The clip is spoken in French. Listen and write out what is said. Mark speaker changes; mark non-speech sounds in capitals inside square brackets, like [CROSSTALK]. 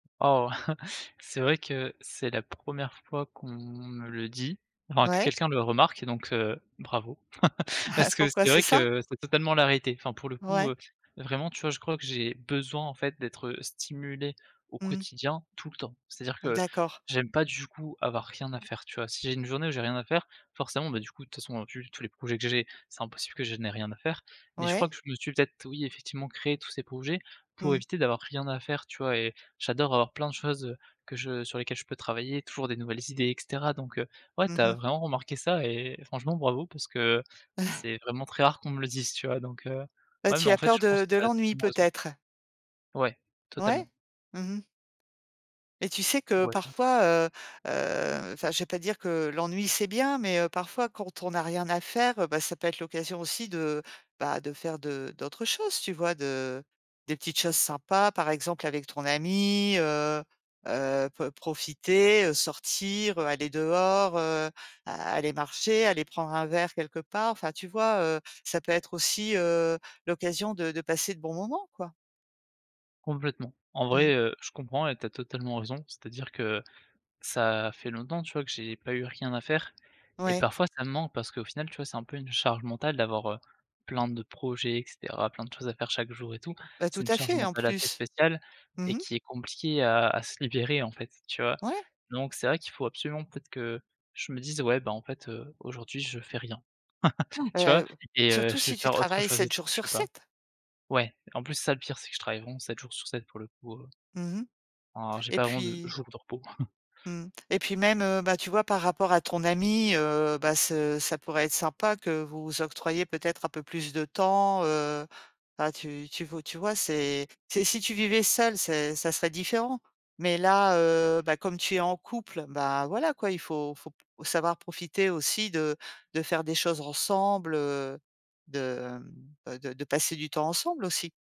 Speaker 1: Oh! Heu, c'est vrai que c'est la 1re fois qu'on me le dit, enfin que
Speaker 2: Ouais.
Speaker 1: quelqu'un le remarque, donc heu, bravo. [CHUCKLES]
Speaker 2: [CHUCKLES]
Speaker 1: Parce que
Speaker 2: Pourquoi
Speaker 1: c'est
Speaker 2: c'est
Speaker 1: vrai
Speaker 2: ça?
Speaker 1: que c'est totalement la réalité. Enfin pour le coup,
Speaker 2: Ouais.
Speaker 1: heu, vraiment, tu vois, je crois que j'ai besoin, en fait, d'être stimulé au
Speaker 2: Mmh.
Speaker 1: quotidien tout le temps. C'est-à-dire que
Speaker 2: D'accord.
Speaker 1: j'aime pas du coup avoir rien à faire, tu vois? Si j'ai une journée où j'ai rien à faire, forcément bah, du coup de toute façon vu tous les projets que j'ai, c'est impossible que je n'ai rien à faire. Mais je crois
Speaker 2: Ouais.
Speaker 1: que je me suis peut-être oui effectivement créé tous ces projets pour
Speaker 2: Mmh.
Speaker 1: éviter d'avoir rien à faire, tu vois? Et j'adore avoir plein de choses que je sur lesquelles je peux travailler, toujours des nouvelles idées et cetera. Donc heu, ouais,
Speaker 2: Mmh
Speaker 1: tu as
Speaker 2: mh.
Speaker 1: vraiment remarqué ça et franchement bravo parce que
Speaker 2: [CHUCKLES]
Speaker 1: c'est vraiment très rare qu'on me le dise, tu vois? Donc heu,
Speaker 2: Ah,
Speaker 1: ouais mais
Speaker 2: tu
Speaker 1: en
Speaker 2: as
Speaker 1: fait
Speaker 2: peur
Speaker 1: je pense
Speaker 2: de
Speaker 1: que
Speaker 2: de
Speaker 1: tu as
Speaker 2: l'ennui
Speaker 1: totalement raison
Speaker 2: peut-être?
Speaker 1: Ouais,
Speaker 2: Ouais.
Speaker 1: totalement.
Speaker 2: Mmh mh. Et tu sais que
Speaker 1: [UNINTELLIGIBLE]
Speaker 2: parfois, heu heu, enfin je vais pas dire que l'ennui, c'est bien, mais, heu, parfois, quand on n'a rien à faire, heu, bah ça peut être l'occasion aussi, bah, de faire d'autres choses, tu vois? De des petites choses sympas, par exemple, avec ton ami, heu heu, pe profiter, heu, sortir, heu, aller dehors, heu, aller marcher, aller prendre un verre quelque part. Enfin, tu vois, heu? Ça peut être aussi, heu, l'occasion de de passer de bons moments, quoi.
Speaker 1: Complètement. En
Speaker 2: Mmh.
Speaker 1: vrai, heu, je comprends et tu as totalement raison, c'est-à-dire que ça fait longtemps, tu vois, que j'ai pas eu rien à faire et
Speaker 2: Ouais.
Speaker 1: parfois ça me manque parce qu'au final tu vois c'est un peu une charge mentale d'avoir, heu, plein de projets et cetera, plein de choses à faire chaque jour et tout.
Speaker 2: Bah,
Speaker 1: C'est
Speaker 2: tout
Speaker 1: une
Speaker 2: à
Speaker 1: charge
Speaker 2: fait, en
Speaker 1: mentale assez
Speaker 2: plus.
Speaker 1: spéciale et
Speaker 2: Mmh mh.
Speaker 1: qui est compliquée a a se libérer, en fait, tu vois?
Speaker 2: Ouais.
Speaker 1: Donc c'est vrai qu'il faut absolument peut-être que je me dise: «Ouais ben en fait, heu, aujourd'hui je fais rien». [CHUCKLES] Tu vois?
Speaker 2: [UNINTELLIGIBLE]
Speaker 1: Et heu,
Speaker 2: Surtout
Speaker 1: je vais
Speaker 2: si tu
Speaker 1: faire autre
Speaker 2: travailles
Speaker 1: chose et
Speaker 2: 7 jours
Speaker 1: [UNINTELLIGIBLE] je
Speaker 2: sur
Speaker 1: sais pas
Speaker 2: 7.
Speaker 1: ouais, en plus, c'est ça le pire, c'est que je travaille vraiment 7 jours sur 7 pour le coup, heu
Speaker 2: Mmh mh
Speaker 1: heu, j'ai
Speaker 2: et
Speaker 1: pas vraiment de
Speaker 2: puis
Speaker 1: jour de repos. [CHUCKLES]
Speaker 2: mmh et puis même, bah, tu vois, par rapport à ton ami, heu, bah ce ça pourrait être sympa que vous vous octroyiez, peut-être, un peu plus de temps, heu, bah tu tu veux tu vois, c'est si tu vivais seul, c'est ça serait différent. Mais là, heu, bah, comme tu es en couple, bah, voilà quoi, il faut faut savoir profiter aussi de de faire des choses ensemble, heu, de, hem, de de passer du temps ensemble, aussi.